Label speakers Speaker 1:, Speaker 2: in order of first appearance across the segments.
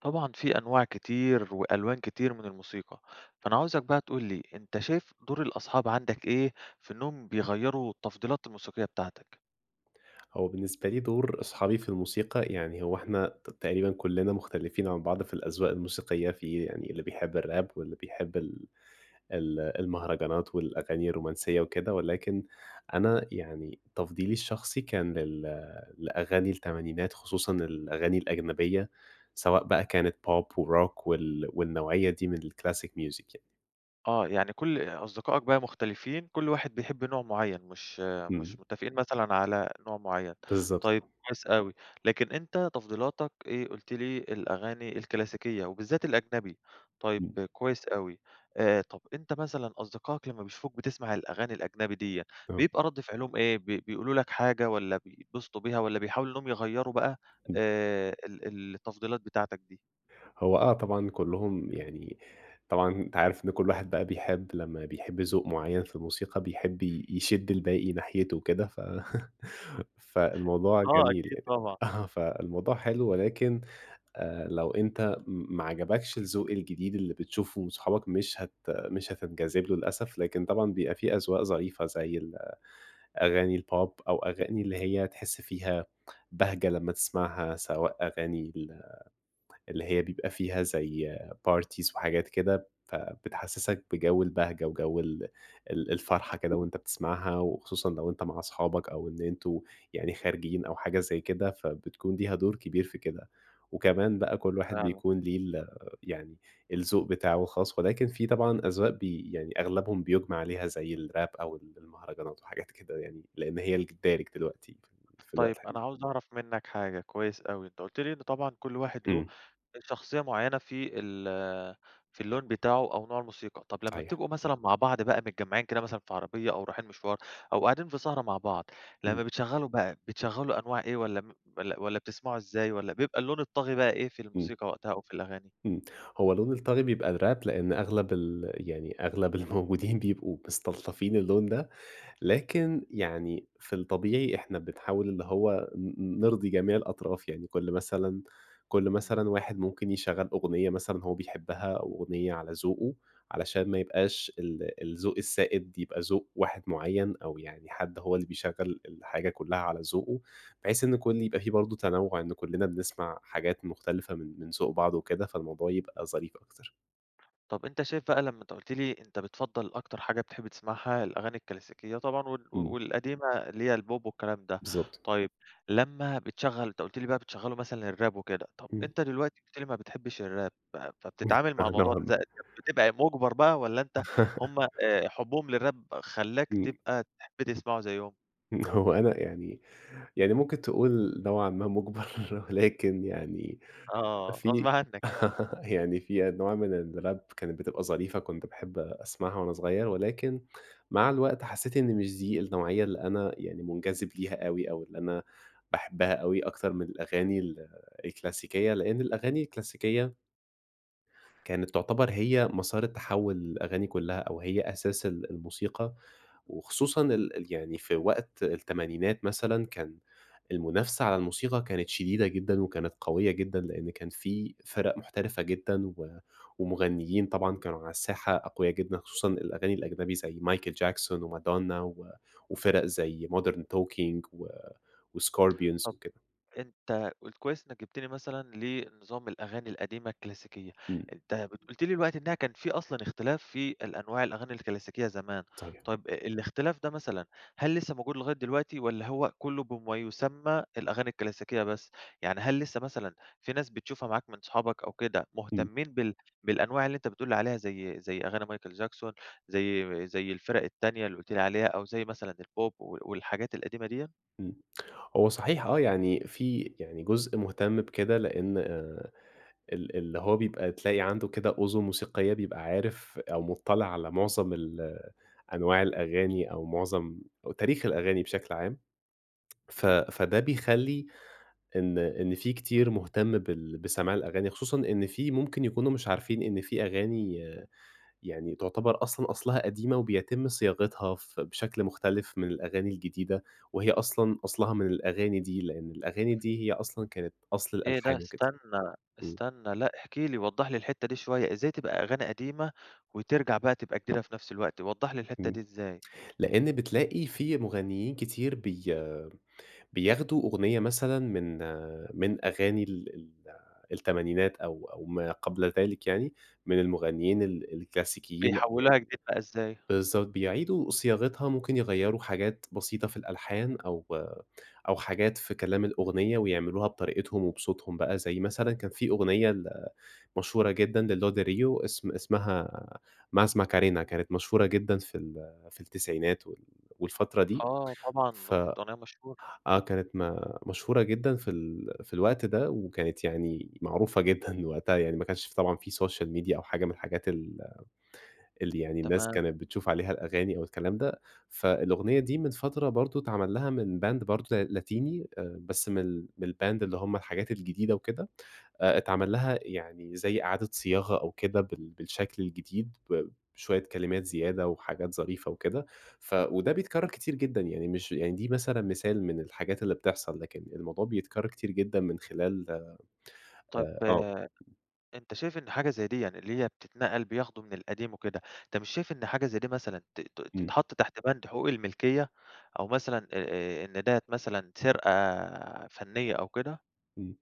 Speaker 1: طبعًا في أنواع كتير وألوان كتير من الموسيقى، فأنا عاوزك بقى تقول لي، أنت شايف دور الأصحاب عندك إيه في إنهم بيغيروا التفضيلات الموسيقية بتاعتك؟
Speaker 2: هو بالنسبة لي دور أصحابي في الموسيقى، يعني هو إحنا ت تقريبًا كلنا مختلفين عن بعض في الأذواق الموسيقية. في يعني اللي بيحب الراب واللي بيحب ال ال المهرجانات والأغاني الرومانسية وكده، ولكن أنا يعني تفضيلي الشخصي كان لل لأغاني التمانينات خصوصًا الأغاني الأجنبية، سواء بقى كانت بوب وروك وال والنوعية دي من الclassic music يعني.
Speaker 1: آه، يعني كل أصدقائك بقى مختلفين، كل واحد بيحب نوع معين، مش مش
Speaker 2: امم.
Speaker 1: متفقين مثلًا على نوع معين،
Speaker 2: بالضبط.
Speaker 1: طيب كويس أوي. لكن أنت تفضيلاتك إيه، قلت لي الأغاني الكلاسيكية وبالذات الأجنبي، طيب
Speaker 2: امم.
Speaker 1: كويس أوي. آآ، طب أنت مثلًا أصدقائك لما بيشوفوك بتسمع الأغاني الأجنبي ديّة،
Speaker 2: تمام.
Speaker 1: بيبقى رد فعلهم إيه، بي بيقولوا لك حاجة، والّا بيتبسطوا بيها، والّا بيحاولوا إنهم يغيروا بقى
Speaker 2: امم.
Speaker 1: آآ، ال ال التفضيلات بتاعتك دي؟
Speaker 2: هو آه طبعًا، كلهم يعني طبعًا أنت عارف إنه كل واحد بقى بيحب لما بيحب ذوق معين في الموسيقى بيحب ي يشد الباقي ناحيته وكده، ف فالموضوع
Speaker 1: آه،
Speaker 2: جميل
Speaker 1: أكيد
Speaker 2: يعني.
Speaker 1: طبعًا.
Speaker 2: أها، فالموضوع حلو ولكن، آآ لو أنت ما عجبكش الذوق الجديد اللي بتشوفه من صحابك، مش هت مش هتنجذب له للأسف، لكن طبعًا بيبقى في أذواق ظريفة زي ال أغاني البوب، أو أغاني اللي هي تحس فيها بهجة لما تسمعها، سواء أغاني ال اللي هي بيبقى فيها زي parties وحاجات كده، فبتحسسك بجو البهجة وجو ال ال الفرحة كده وأنت بتسمعها، وخصوصًا لو أنت مع أصحابك أو إن أنتم يعني خارجين أو حاجة زي كده، فبتكون ليها دور كبير في كده. وكمان بقى كل واحد
Speaker 1: فعلًا.
Speaker 2: بيكون ليه ال يعني الذوق بتاعه خاص، ولكن في طبعًا أذواق بي يعني أغلبهم بيُجمع عليها، زي الراب أو ال المهرجانات وحاجات كده يعني؛ لأن هي ج الدارج دلوقتي في في الوقت
Speaker 1: طيب أنا
Speaker 2: الحالي.
Speaker 1: عاوز أعرف منك حاجة، كويس أوي، أنت قلت لي إن طبعًا كل واحد له
Speaker 2: امم.
Speaker 1: شخصية معينة في ال في اللون بتاعه أو نوع الموسيقى. طب لما
Speaker 2: صحيح.
Speaker 1: بتبقوا مثلًا مع بعض بقى متجمعين كده مثلًا في عربية أو رايحين مشوار أو قاعدين في سهرة مع بعض،
Speaker 2: امم.
Speaker 1: لما بتشغلوا بقى بتشغلوا أنواع إيه، والّا م والّا والّا بتسمعوا إزاي، والّا بيبقى اللون الطاغي بقى إيه في
Speaker 2: امم.
Speaker 1: الموسيقى وقتها أو في الأغاني؟
Speaker 2: امم، هو لون الطاغي بيبقى الراب؛ لأن أغلب ال يعني أغلب الموجودين بيبقوا مستلطفين اللون ده، لكن يعني في الطبيعي إحنا بنحاول اللي هو ن نرضي جميع الأطراف، يعني كل مثلًا كل
Speaker 1: امم.
Speaker 2: مثلًا واحد ممكن يشغل أغنية مثلًا هو بيحبها أو أغنية على ذوقه؛ علشان ما يبقاش ال الذوق السائد يبقى ذوق واحد معين أو يعني حد هو اللي بيشغل الحاجة كلها على ذوقه، بحيث إنه يكون يبقى في برضه تنوع، إنه كلنا بنسمع حاجات مختلفة من من ذوق بعض وكده، فالموضوع يبقى ظريف أكتر.
Speaker 1: طب، أنت شايف بقى لما أنت قُلت لي أنت بتفضّل أكتر حاجة بتحب تسمعها الأغاني الكلاسيكية طبعًا، وال
Speaker 2: إمم.
Speaker 1: والقديمة اللي هي البوب والكلام ده.
Speaker 2: بالضبط.
Speaker 1: طيب، لما بتشغّل، أنت قُلت لي بقى بتشغّلوا مثلًا الراب وكده، طب
Speaker 2: إمم.
Speaker 1: أنت دلوقتي قُلت لي ما بتحبش الراب، ف فبتتعامل مع
Speaker 2: آه، نوعًا
Speaker 1: الموضوع
Speaker 2: ما.
Speaker 1: ده [unintelligible] بتبقى مُجبر بقى، والّا أنت هم آآ، حبهم للراب خلّاك
Speaker 2: إمم.
Speaker 1: تبقى تحب تسمعه زيهم؟
Speaker 2: إن هو أنا يعني يعني ممكن تقول نوعًا ما مُجبر، ولكن يعني
Speaker 1: آه. غصب
Speaker 2: في
Speaker 1: عنك يعني.
Speaker 2: يعني في أنواع من الراب كانت بتبقى ظريفة، كنت باحب أسمعها وأنا صغير، ولكن مع الوقت حسّيت إن مش دي النوعية اللي أنا يعني مُنجذب ليها أوي، أو اللي أنا باحبها أوي أكتر من الأغاني ال الكلاسيكية، لإن الأغاني الكلاسيكية كانت تعتبر هي مسار التحوّل للأغاني كلها، أو هي أساس ال الموسيقى، وخصوصًا ال ال يعني في وقت التمانينات مثلًا، كان المنافسة على الموسيقى كانت شديدة جدًا، وكانت قوية جدًا، لإن كان في فِرَق محترفة جدًا، و ومغنيين طبعًا كانوا على الساحة أقويا جدًا، خصوصًا الأغاني الأجنبي، زي مايكل جاكسون، ومادونا و وفِرَق زي مودرن توكينج، و وسكوربيونز
Speaker 1: طب،
Speaker 2: وكده.
Speaker 1: أنت قل كويس إنك جبتني مثلًا، لنظام الأغاني القديمة الكلاسيكية،
Speaker 2: إمم.
Speaker 1: أنت ب قُلت لي دلوقتي إنها كان في أصلًا اختلاف في الأنواع الأغاني الكلاسيكية زمان.
Speaker 2: [unintelligible]
Speaker 1: طيب الاختلاف دا مثلًا هل لسه موجود لغاية دلوقتي، والّا هو كله بما يسمى الأغاني الكلاسيكية بس؟ يعني هل لسه مثلًا في ناس بتشوفها معاك من صحابك أو كده
Speaker 2: إمم.
Speaker 1: مهتمين بال بالأنواع اللي أنت بتقول لي عليها زي زي أغاني مايكل جاكسون، زي زي الفرق التانية اللي قُلت لي عليها، أو زي مثلًا البوب، و والحاجات القديمة ديّة؟
Speaker 2: إمم. هو صحيح آه، يعني في يعني جزء مهتم بكده، لإن آآ، ال اللي هو بيبقى تلاقي عنده كده أذن موسيقية بيبقى عارف، أو مُطّلع على معظم ال أنواع الأغاني، أو معظم أو تاريخ الأغاني بشكل عام. ف
Speaker 1: إمم.
Speaker 2: فده بيخلّي إن إن في كتير مهتم بال بسماع الأغاني. خصوصًا إن في ممكن يكونوا مش عارفين إن في أغاني يعني تعتبر أصلًا أصلها قديمة، وبيتم صياغتها ف بشكل مختلف من الأغاني الجديدة، وهي أصلًا أصلها من الأغاني دي. لإن الأغاني دي هي أصلًا كانت أصل
Speaker 1: إيه ده؟!
Speaker 2: الألحان وكده.
Speaker 1: استنى،
Speaker 2: إمم.
Speaker 1: استنى، لأ احكِ لي، وضّح لي الحتة دي شوية، إزاي تبقى أغاني قديمة، وترجع بقى تبقى جديدة في نفس الوقت، وضّح لي الحتة
Speaker 2: إمم.
Speaker 1: دي إزاي؟
Speaker 2: لإن بتلاقي فيه مغنيين كتير بي بياخدوا أغنية مثلًا من من أغاني ال ال التمانينات أو أو ما قبل ذلك يعني، من المغنيين ال الكلاسيكيين
Speaker 1: بيحولوها جديد بقى
Speaker 2: [unintelligible]
Speaker 1: إزاي؟
Speaker 2: بالضبط، بيعيدوا صياغتها، ممكن يغيّروا حاجات بسيطة في الألحان أو أو حاجات في كلام الأغنية، ويعملوها بطريقتهم، وبصوتهم بقى زي مثلًا كان في أغنية ل مشهورة جدًا للوديريو اسم اسمها ماسما كارينا، كانت مشهورة جدًا في ال في التسعينات، وال والفترة دي.
Speaker 1: آه
Speaker 2: ف
Speaker 1: طبعًا، كانت أغنية مشهورة.
Speaker 2: آه كانت ما مشهورة جدًا في ال في الوقت ده، وكانت يعني معروفة جدًا وقتها يعني ما كنش طبعًا في سوشيال ميديا أو حاجة من الحاجات ال اللي يعني الناس
Speaker 1: تمام.
Speaker 2: كانت بتشوف عليها الأغاني أو الكلام ده، فالأغنية دي من فترة برضه اتعمل لها من باند برضه ل لاتيني، آآ بس من ال من الباند اللي هم الحاجات الجديدة وكده. آآ اتعمل لها يعني زي إعادة صياغة أو كده بال بالشكل الجديد ب بشوية كلمات زيادة، وحاجات ظريفة وكده. ف وده بيتكرر كتير جدًا يعني مش يعني دي مثلًا مثال من الحاجات اللي بتحصل، لكن الموضوع بيتكرر كتير جدًا من خلال
Speaker 1: طب،
Speaker 2: آآ آه.
Speaker 1: أنت شايف إن حاجة زي ديًا اللي هي بتتنقل بياخدوا من القديم وكده، أنت مش شايف إن حاجة زي دي مثلًا ت ت
Speaker 2: إمم.
Speaker 1: تتحط تحت بَند حقوق الملكية، أو مثلًا، آآ، إن ديّة مثلًا سرقة فنية أو كده؟
Speaker 2: امم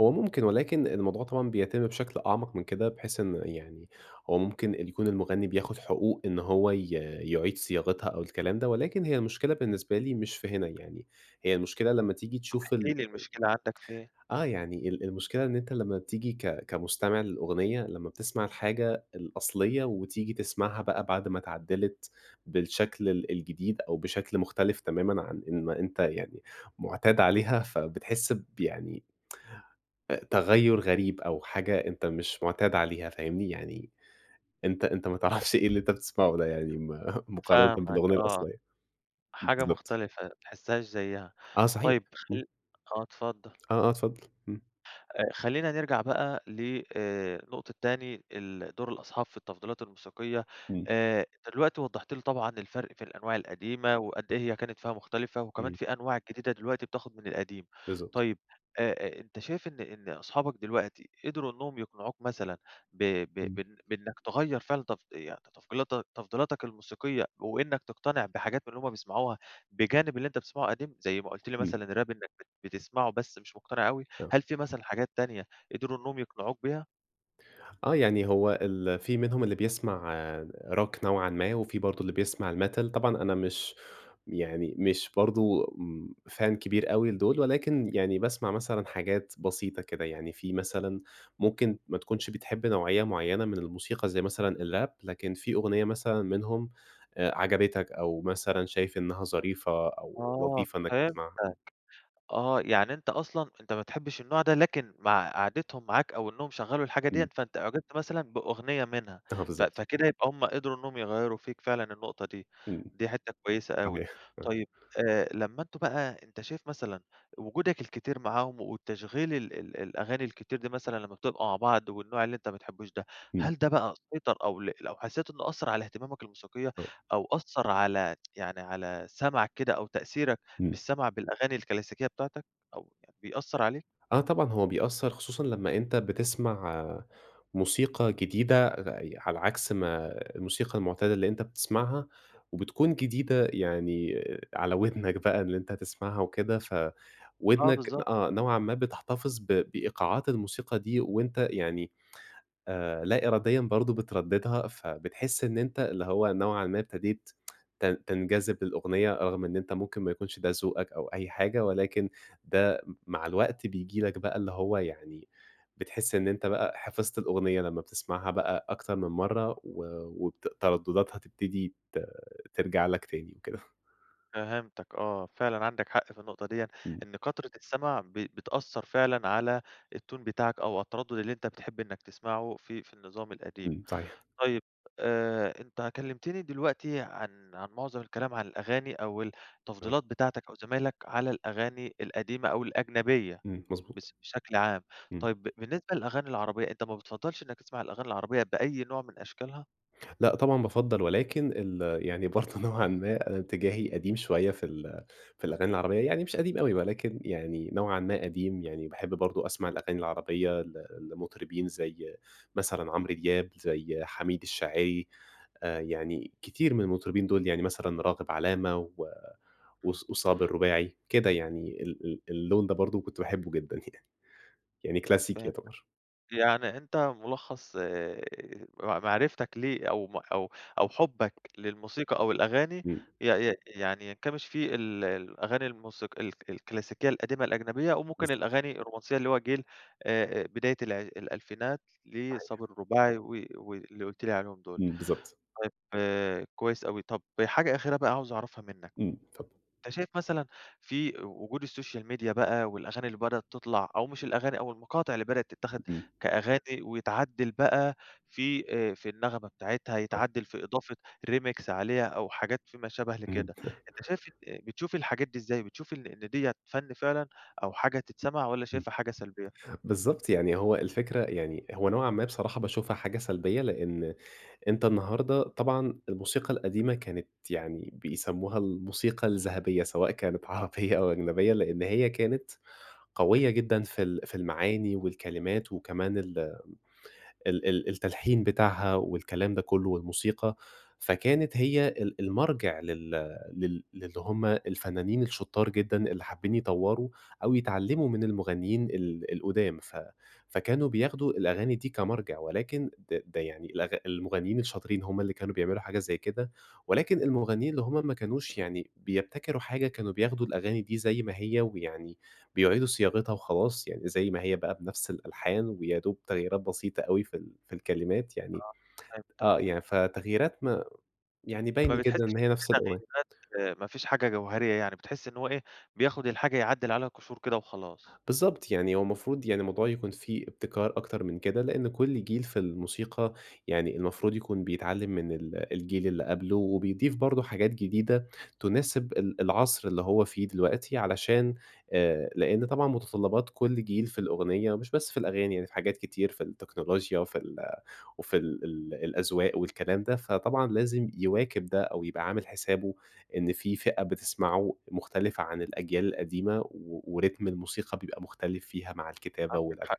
Speaker 2: هو ممكن ولكن الموضوع طبعًا بيتم بشكل أعمق من كده، بحيث إن يعني هو ممكن يكون المغني بياخد حقوق إن هو ي يعيد صياغتها أو الكلام ده، ولكن هي المشكلة بالنسبة لي مش في هنا يعني، هي المشكلة لمّا تيجي
Speaker 1: طب
Speaker 2: تشوف
Speaker 1: احكِ
Speaker 2: ال
Speaker 1: لي المشكلة عندك فين؟
Speaker 2: آه يعني ال المشكلة إن أنت لمّا تيجي ك كمستمع للأغنية لمّا بتسمع الحاجة الأصليّة، وتيجي تسمعها بقى بعد ما اتعدلت بالشكل ال الجديد، أو بشكل مختلف تمامًا عن إن ما أنت يعني معتاد عليها، فبتحس بيعني تغيّر غريب أو حاجة أنت مش معتاد عليها، فاهمني؟ يعني أنت أنت ما تعرفش إيه اللي أنت بتسمعه ده يعني م مقارنة
Speaker 1: فاهمك
Speaker 2: بالأغنية
Speaker 1: آه.
Speaker 2: الأصليّة.
Speaker 1: حاجة
Speaker 2: بالضبط.
Speaker 1: مختلفة ما تحسهاش زيها،
Speaker 2: آه صحيح،
Speaker 1: طيّب
Speaker 2: امم.
Speaker 1: خل آه اتفضل.
Speaker 2: آه، آه، اتفضل إمم.
Speaker 1: خلينا نرجع بقى ل آآ نقطة تاني ال دور الأصحاب في التفضيلات الموسيقية.
Speaker 2: إمم.
Speaker 1: آآ أنت دلوقتي وضّحت لي طبعًا الفرق في الأنواع القديمة، وقد إيه هي كانت فيها مختلفة، وكمان
Speaker 2: إمم.
Speaker 1: في أنواع جديدة دلوقتي بتاخد من القديم.
Speaker 2: بالضبط.
Speaker 1: طيّب آآ أنت شايف إن إن أصحابك دلوقتي قدروا إنّهم يقنعوك مثلًا ب ب
Speaker 2: إمم.
Speaker 1: ب بإنك تغيّر فعلًا تفض يعني تفضيلاتك- تفضيلاتك الموسيقية، وإنّك تقتنع بحاجات من اللي هم بيسمعوها بجانب اللي أنت بتسمعه قديم، زي ما قلت لي
Speaker 2: إمم.
Speaker 1: مثلًا راب إنّك بت بتسمعه، بس مش مقتنع أوي،
Speaker 2: تمام.
Speaker 1: هل في مثلًا حاجات تانية قدروا إنّهم يقنعوك بيها؟
Speaker 2: آه، يعني هو ال في منهم اللي بيسمع Rock نوعًا ما وفي برضو اللي بيسمع الMetal، طبعًا أنا مش يعني مش برضو امم Fan كبير أوي لدول ولكن يعني باسمع مثلًا حاجات بسيطة كده؛ يعني في مثلًا ممكن ما تكونش بتحب نوعية معيّنة من الموسيقى زي مثلًا الRap لكن في أغنية مثلًا منهم آآ، عجبتك أو مثلًا شايف إنّها ظريفة أو
Speaker 1: آه،
Speaker 2: لطيفة إنّك تسمعها. امم.
Speaker 1: فهمتك. آه، يعني أنت أصلًا أنت ما بتحبش النوع ده، لكن مع قعدتهم معاك أو إنّهم شغلوا الحاجة
Speaker 2: إمم.
Speaker 1: ديّة، فأنت أُعجبت مثلًا بأغنية منها
Speaker 2: اه
Speaker 1: ف
Speaker 2: بالضبط.
Speaker 1: فكده يبقى همّ قدروا إنّهم يغيروا فيك فعلًا النقطة دي،
Speaker 2: إمم.
Speaker 1: دي حتّة كويّسة أوي.
Speaker 2: صحيح..
Speaker 1: طيّب آآ لمّا أنتم بقى أنت شايف مثلًا وجودك الكتير معاهم وتشغيل ال ال الأغاني الكتير دي مثلًا، لمّا بتبقوا مع بعض والنوع اللي أنت ما بتحبوش ده،
Speaker 2: امم.
Speaker 1: هل ده بقى سيطر أو ل لو حسّيت إنّه أثر على اهتمامك الموسيقية،
Speaker 2: آه
Speaker 1: أو أثر على يعني على سَمَعك كده أو تأثيرك
Speaker 2: امم.
Speaker 1: بالسمع بالأغاني الكلاسيكية بتاعتك أو يعن بيأثر عليك؟
Speaker 2: ،آه طبعًا هو بيأثر، خصوصًا لمّا أنت بتسمع موسيقى جديدة ع ي على عكس ما الموسيقى المعتادة اللي أنت بتسمعها، وبتكون جديدة يعني على ودنك بقى اللي أنت تسمعها وكده،
Speaker 1: آه،
Speaker 2: فودنك
Speaker 1: بالضبط.
Speaker 2: آه، نوعًا ما بتحتفظ ب بإيقاعات الموسيقى دي، وأنت يعني آآ لا إراديًا برضو بترددها. فبتحس إن أنت اللي هو نوعًا ما ابتديت تن تنجذب للأغنية رغم إن أنت ممكن ما يكونش ده ذوقك أو أي حاجة. ولكن ده م مع الوقت بييجي لك بقى اللي هو يعني بتحس إن أنت بقى حفظت الأغنية لمّا بتسمعها بقى أكتر من مرّة و وبت تردداتها تبتدي ت ترجع لك تاني وكده.
Speaker 1: فهمتك آه، فعلًا عندك حق في النقطة ديًا
Speaker 2: إمم.
Speaker 1: إن كترة السمع ب بتأثر فعلًا على التون بتاعك أو التردد اللي أنت بتحب إنّك تسمعه في في النظام القديم.
Speaker 2: امم صحيح.
Speaker 1: طيّب، آآ، أنت كلمتني دلوقتي عن عن معظم الكلام عن الأغاني أو
Speaker 2: آه.
Speaker 1: التفضيلات بتاعتك أو زمايلك على الأغاني القديمة أو الأجنبية
Speaker 2: امم، مظبوط.
Speaker 1: بس بشكل عام.
Speaker 2: إمم.
Speaker 1: طيّب بالنسبة للأغاني العربيّة، أنت ما بتفضلش إنّك تسمع الأغاني العربيّة بأي نوع من أشكالها؟
Speaker 2: لأ طبعًا بافضل ولكن ال يعني برضو نوعًا ما اتجاهي قديم شويّة في ال في الأغاني العربيّة يعني مش قديم أوي يعني نوعًا ما قديم. يعني باحب برضو أسمع الأغاني العربيّة ل لمطربين زي مثلًا عمرو دياب، زي حميد الشاعري آآ يعني كتير من المطربين دول يعني مثلًا راغب علامة و
Speaker 1: امم.
Speaker 2: وص وصابر الرباعي كده يعني ال ال اللون ده برضو كنت باحبّه جدًا يعني، يعني كلاسيكي
Speaker 1: فهمتك.
Speaker 2: يعتبر.
Speaker 1: يعني أنت مُلخص آآ م معرفتك ليه أو م أو أو حُبك للموسيقى أو الأغاني
Speaker 2: إمم.
Speaker 1: ي ي يعني ينكمش في ال الأغاني الموسيق الك الكلاسيكية القديمة الأجنبية، أو
Speaker 2: بالض
Speaker 1: ممكن الأغاني الرومانسيّة اللي هو جيل آآ بداية الع الألفينات
Speaker 2: صحيح.
Speaker 1: لصابر الرباعي و واللي قلت لي عليهم دول.
Speaker 2: امم بالضبط.
Speaker 1: طيّب كويّس أوي. طب حاجة أخيرة بقى عاوز أعرفها منّك؛
Speaker 2: امم اتفضل.
Speaker 1: أنت شايف مثلًا في و وجود Social Media بقى والأغاني اللي بدأت تطلع، أو مش الأغاني أو المقاطع اللي بدأت تتاخد
Speaker 2: امم.
Speaker 1: كأغاني ويتعدل بقى في، آآ، في النغمة بتاعتها،
Speaker 2: آه.
Speaker 1: يتعدل في إضافة Remix عليها أو حاجات في ما شابه
Speaker 2: امم..
Speaker 1: لكده، أنت شايف إن بتشوف الحاجات دي إزاي؟ بتشوف إن إن ديّة فن فعلًا أو حاجة تتسمع والّا
Speaker 2: امم.
Speaker 1: شايفها حاجة سلبيّة؟
Speaker 2: بالضبط يعني هو الفكرة يعني هو نوعًا ما بصراحة باشوفها حاجة سلبيّة لأن أنت النهارده طبعًا الموسيقى القديمة كانت يعني بيسموها الموسيقى الذهبية سواء كانت عربيّة أو أجنبية، لأن هي كانت قويّة جدًا في ال في المعاني والكلمات وكمان ال ال ال التلحين بتاعها والكلام ده كلّه والموسيقى، فكانت هي ال المرجع لل لل للي هم الفنّانين الشطار جدًا اللي حابين يطوروا أو يتعلموا من المغنيين ال القدّام، ف فكانوا بياخدوا الأغاني دي كمرجع؛ ولكن ده ده يعني الأغ المغنيين الشاطرين همّ اللي كانوا بيعملوا حاجة زي كده، ولكن المغنيين اللي همّ ما كانوش يعني بيبتكروا حاجة كانوا بياخدوا الأغاني دي زي ما هي، ويعني بيعيدوا صياغتها وخلاص. يعني زي ما هي بقى بنفس الألحان ويا دوب تغييرات بسيطة أوي في ال في الكلمات يعني،
Speaker 1: آه فهمتك.
Speaker 2: آه يعني فتغييرات ما يعني، باين
Speaker 1: ما بتحسش
Speaker 2: جدًا إن
Speaker 1: إن
Speaker 2: هي
Speaker 1: في
Speaker 2: نفس الأغن
Speaker 1: تغييرات، ما فيش حاجة جوهرية يعني بتحس إن هو إيه بياخد الحاجة يعدل عليها قشور كده وخلاص.
Speaker 2: بالضبط يعني هو المفروض يعني الموضوع يكون في ابتكار أكتر من كده، لأن كل جيل في الموسيقى يعني المفروض يكون بيتعلم من ال الجيل اللي قبله وبيضيف برضو حاجات جديدة تُناسب ال العصر اللي هو فيه دلوقتي، علشان آآ لأن طبعًا متطلبات كل جيل في الأغنية مش بس في الأغاني يعني حاجات كتير في التكنولوچيا وفي ال وفي ال الأذواق والكلام ده. فطبعًا لازم يواكب ده أو يبقى عامل حسابه إن في فئة بتسمعه مختلفة عن الأجيال القديمة، و وريتم الموسيقى بيبقى مختلف فيها مع الكتابة
Speaker 1: عندك
Speaker 2: والألحا
Speaker 1: حق.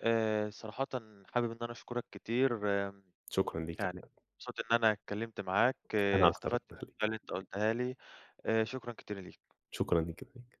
Speaker 1: آآ صراحةً حابب إنّي أنا أشكرك كتير. امم
Speaker 2: شكرًا ليك.
Speaker 1: يعني
Speaker 2: أنا
Speaker 1: مبسوط إن أنا اتكلمت معاك
Speaker 2: أنا أكتر ربنا
Speaker 1: استفدت من
Speaker 2: يخليك.
Speaker 1: [unintelligible] اللي أنت قُلتها لي. آآ، شكرًا كتير ليك.
Speaker 2: شكرًا ليك جدًا